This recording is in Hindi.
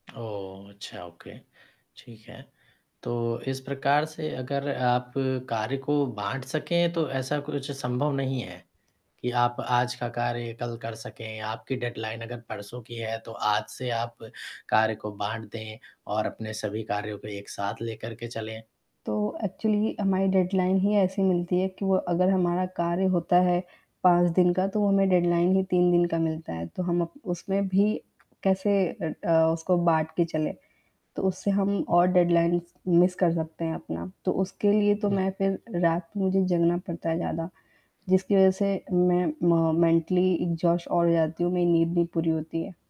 ओह! अच्छा ओके ठीक है। तो इस प्रकार से अगर आप कार्य को बाँट सकें तो ऐसा कुछ संभव नहीं है कि आप आज का कार्य कल कर सकें आपकी डेडलाइन अगर परसों की है तो आज से आप कार्य को बाँट दें और अपने सभी कार्यों को एक साथ लेकर के चलें? तो एक्चुअली हमारी डेडलाइन ही ऐसी मिलती है कि वो अगर हमारा कार्य होता है 5 दिन का तो वो हमें डेडलाइन ही 3 दिन का मिलता है। तो हम अप उसमें भी कैसे अ अ, उसको बाँट के चले। तो उससे हम और डेडलाइनस मिस कर सकते हैं अपना। तो उसके लिए तो हुँ। मैं फ़िर रात में मुझे जगना पड़ता है ज़्यादा। जिसकी वजह से मैं म मेंटली एक्सहॉस्ट और हो जाती हूँ मेरी नींद भी पूरी होती है।